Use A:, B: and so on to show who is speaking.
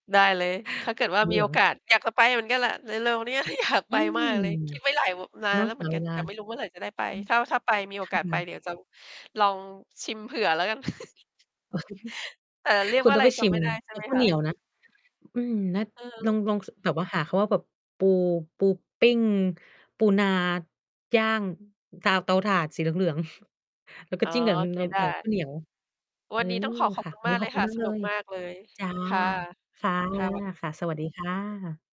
A: ได้เลย ถ้าเกิดว่า
B: เห
A: ม
B: ล
A: ี
B: ื
A: โอ
B: อง
A: กาส อยากจะไปเหมือนกันแหละ เร็ว ๆ เนี้ย ก็อยาก
B: อื
A: ไป
B: ม
A: มากเลย คิดไว้หลาย ว นา
B: เน
A: น
B: าะ
A: แล้วเห
B: ห
A: มื
B: า
A: อนก
B: เ
A: ั
B: ว
A: น
B: ลา
A: แต่ไม่รู้เมื่อไหร่จะได้ไป? ถ้า ๆ ไป มีโอ
B: อื
A: กา
B: ม
A: ส
B: ค
A: ไ
B: ่
A: ป
B: ะ
A: เดี๋ยว จะ ลองชิมเผื่อแล้วกัน แต่เรีย
B: ค
A: ก
B: ุ
A: ว
B: ณ
A: ่า
B: ต
A: อ
B: ้
A: ะ
B: อง
A: ไร
B: ไป
A: จ
B: ชิ
A: ำ
B: ม
A: ไม่
B: ไ
A: ไ
B: ง
A: ด้ใช่
B: กั
A: ไ
B: บ
A: หม
B: ข้าว
A: ค
B: เหนี
A: ะ?
B: ยวนะ อืม นัด
A: เ
B: ล
A: ออ
B: อง ลอง ส แบบว่าหาคำว่าแบบ ปู ปูปิ้ง ปูนา ย่าง ตา เตาถ่านสีเหลือง ๆ แล้วก็
A: อ๋อ
B: จิ้มกับ น
A: โอเค
B: นม
A: ได
B: เอ๊ย ข
A: ้
B: ้าวเหนียว เ
A: ว
B: อ
A: ั
B: อ
A: นนี้ต้องขอ ขอบ
B: ค่ะ
A: คุณ
B: วัน
A: ม
B: น
A: า
B: ี้
A: กเ
B: ข
A: ล
B: อบ
A: ย
B: คุ
A: ค
B: ณ
A: ่ะ
B: มาก
A: ส
B: เล
A: นุก
B: ย
A: มากเลย
B: จ้ะ
A: ค่ะ
B: ค่ะ
A: ค่ะ สวัสดี
B: ค
A: ค
B: ่
A: ่
B: ะ
A: ะ
B: สวัสดีค่ะ